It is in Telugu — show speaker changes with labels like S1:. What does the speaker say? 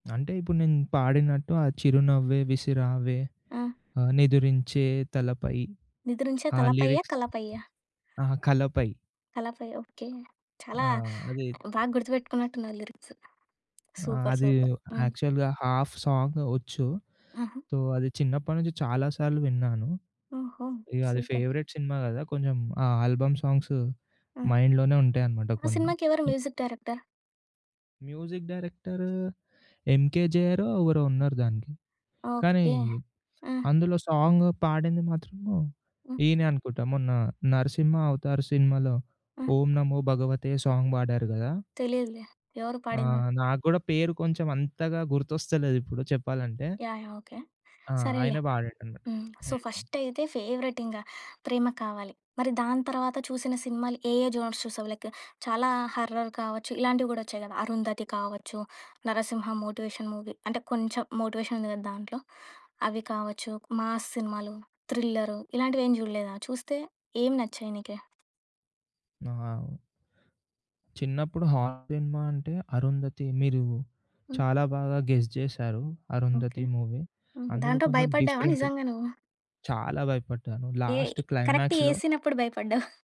S1: అంటే ఇప్పుడు నేను పాడినట్టు ఆ చిరునవ్వే విసిరావే
S2: ఆ!
S1: ఆ నిదురించే తలపై
S2: నిద్రించే
S1: ఆ
S2: తలపయ్య?
S1: లిరిక్స్
S2: కలపయ్య?
S1: అహా! కలపై.
S2: కలపై ఓకే.
S1: ఆ!
S2: చాలా
S1: అది
S2: బాగా గుర్తుపెట్టుకున్నట్టున్నారు లిరిక్స్.
S1: ఆ!
S2: సూపర్,
S1: అది
S2: సూపర్ హ్మ్.
S1: యాక్చువల్‌గా హాఫ్ సాంగ్ ఒచ్చు
S2: ఆహా!
S1: సో, అది చిన్నప్పటి నుంచి చాలా సార్లు విన్నాను.
S2: ఓహో!
S1: ఇగ అది
S2: సూపర్
S1: ఫేవరేట్ సినిమా గదా కొంచెం ఆ ఆల్బమ్ సాంగ్స్
S2: హ్మ్.
S1: మైండ్‌లోనే ఉంటాయనమాట
S2: ఆ!
S1: కొన్ని.
S2: సినిమాకెవరు మ్యూజిక్ డైరెక్టర్?
S1: మ్యూజిక్ డైరెక్టర్ ఎంకే‌జేఆరో ఎవరో ఉన్నారు దానికి.
S2: ఓకే.
S1: కానీది
S2: ఆ!
S1: అందులో సాంగ్ పాడింది మాత్రం
S2: హ్మ్.
S1: ఈయనే అనుకుంటా మొన్న 'నరసింహ అవతార్' సినిమాలో
S2: ఆ!
S1: 'ఓం నమో భగవతే 'సాంగ్ బడారు గదా!
S2: తెలియదులే. ఎవరు
S1: ఆ!
S2: పాడింది?
S1: నాకు గూడా పేరు కొంచెం అంతగా గుర్తొస్తలేదు ఇప్పుడు చెప్పాలంటే.
S2: యాహ్! యాహ్! ఓకే.
S1: ఆ!
S2: సరేలే
S1: ఆయనే పాడాడన్నట్టు.
S2: హ్మ్. సో,
S1: హ్మ్.
S2: ఫస్ట్ అయితే సో, ఫస్ట్ ఫేవరెట్ ఇంగా ప్రేమ కావాలి, మరి దాని తర్వాత చూసిన సినిమాలు ఏ, ఏ జోనర్స్ చూసావు? లైక్ చాలా హారర్ కావచ్చు ఇలాంటివి గూడా ఒచ్చాయి గదా! 'అరుంధతి' కావచ్చు, 'నరసింహ' మోటివేషన్ మూవీ అంటే కొంచెం మోటివేషన్ ఉంది కదా దాంట్లో అవి కావచ్చు మాస్ సినిమాలు, థ్రిల్లర్, ఇలాంటివేమి జూడలేదా? చూస్తే ఏం నచ్చాయి నీకి?
S1: ఆ! చిన్నప్పుడు హారర్ సినిమా అంటే 'అరుంధతి' మీరు
S2: హ్మ్.
S1: చాలా బాగా గెస్ జేసారు.
S2: ఓకే.
S1: అరుంధతి మూవీ
S2: హుహు.
S1: అందులో
S2: దాంతో
S1: కొంచెం
S2: భయపడ్డావా
S1: డిఫరెంట్
S2: నిజంగా నువ్వు?
S1: చాలా భయపడ్డాను,
S2: ఏ
S1: లాస్ట్
S2: కరెక్ట్‌‌గా
S1: క్లైమాక్స్
S2: యే
S1: లో
S2: సీనప్పుడు భయపడ్డావు?